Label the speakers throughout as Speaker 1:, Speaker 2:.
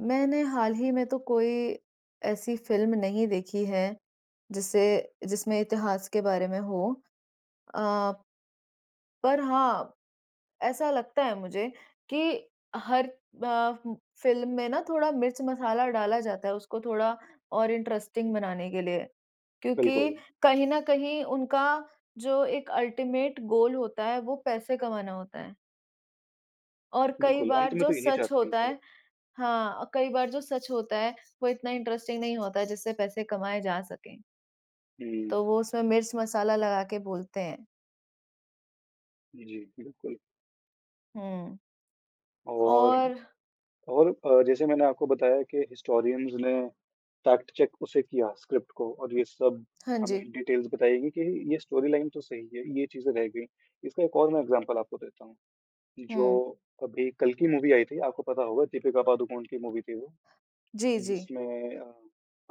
Speaker 1: मैंने हाल ही में तो कोई ऐसी फ़िल्म नहीं देखी है, जिससे जिसमें इतिहास के बारे में हो। अ पर हाँ, ऐसा लगता है मुझे, कि हर ब फ़िल्म में ना थोड़ा मिर्च-मसाला डाला जाता है, उसको थोड़ा और इंटरेस्टिंग बनाने के लिए।
Speaker 2: बिल्कुल।
Speaker 1: क्योंकि कहीं न कहीं उनका जो एक अल्टीमेट गोल होता है, वो पैसे कमाना होता है। और कई
Speaker 2: बिल्कुल, अंत
Speaker 1: बार
Speaker 2: में
Speaker 1: जो
Speaker 2: तो यही
Speaker 1: सच
Speaker 2: चाहते हैं
Speaker 1: होता
Speaker 2: सब।
Speaker 1: है हाँ, कई बार जो सच होता है, वो इतना इंटरेस्टिंग नहीं होता है, जिससे पैसे कमाएँ जा सके
Speaker 2: हुँ।
Speaker 1: तो वो उसमें मिर्च-मसाला लगा के बोलते हैं।
Speaker 2: जी, बिल्कुल।
Speaker 1: हुँ।
Speaker 2: और
Speaker 1: और
Speaker 2: और अ, जैसे मैंने आपको बताया कि हिस्टोरियंस ने फ़ैक्ट-चेक उसे किया, स्क्रिप्ट को और ये सब
Speaker 1: हाँ
Speaker 2: हमें
Speaker 1: जी।
Speaker 2: डिटेल्स बताई गई कि ये स्टोरीलाइन तो सही है, ये चीज़ें रह गई। इसका एक और मैं एग्ज़ाम्पल आपको देता हूँ,
Speaker 1: हुँ।
Speaker 2: जो अभी कल्कि मूवी आई थी, आपको पता होगा दीपिका पादुकोण की मूवी थी वो,
Speaker 1: जी, जी।
Speaker 2: जिसमें अ,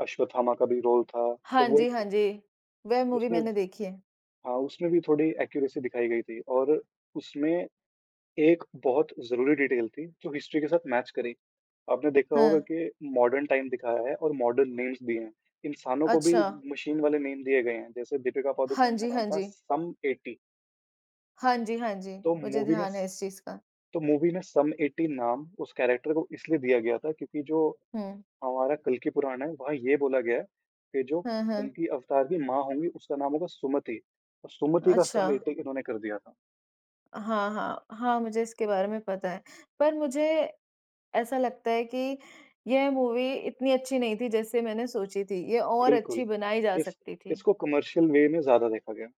Speaker 2: अश्वत्थामा का भी रोल था, तो
Speaker 1: हाँ
Speaker 2: वो
Speaker 1: जी,
Speaker 2: एक
Speaker 1: हाँ
Speaker 2: ही
Speaker 1: जी, वह मूवी
Speaker 2: उसमें स
Speaker 1: मैंने देखी है।
Speaker 2: हाँ, उसमें भी थोड़ी एक्यूरेसी दिखाई गई थी और उसमें एक बहुत ज़रूरी डिटेल थी, जो हिस्ट्री के साथ मैच करी। आपने देखा होगा
Speaker 1: हाँ।
Speaker 2: कि मॉडर्न टाइम दिखाया है और मॉडर्न नेम्स दिए हैं, इंसानों को भी
Speaker 1: अच्छा।
Speaker 2: मशीन वाले नेम दिए गए हैं। जैसे दीपिका
Speaker 1: हाँ
Speaker 2: पादुकोण
Speaker 1: जी,
Speaker 2: का नाम
Speaker 1: हाँ
Speaker 2: था
Speaker 1: जी।
Speaker 2: सम 80
Speaker 1: हाँ जी, हाँ जी,
Speaker 2: तो
Speaker 1: मुझे
Speaker 2: मूवी में
Speaker 1: ध्यान है
Speaker 2: स
Speaker 1: इस चीज़ का।
Speaker 2: तो मूवी में सम 80 नाम, उस कैरेक्टर को इसलिए दिया गया था क्योंकि जो,
Speaker 1: हुँ।
Speaker 2: हमारा कल्कि पुराण है, वहाँ ये बोला गया है, कि जो
Speaker 1: हाँ, हाँ।
Speaker 2: कल्कि अवतार की माँ होंगी, उसका नाम होगा सुमति अ, सुमति का सम
Speaker 1: अच्छा।
Speaker 2: 80 इन्होंने कर दिया था।
Speaker 1: हाँ, हाँ, हाँ, मुझे इसके बारे में पता है। पर मुझे ऐसा लगता है कि यह मूवी इतनी अच्छी नहीं थी जैसे मैंने सोची थी, ये और अच्छी
Speaker 2: बिल्कुल।
Speaker 1: बनाई जा
Speaker 2: इस
Speaker 1: सकती थी।
Speaker 2: इसको कमर्शियल वे में ज़्यादा देखा गया।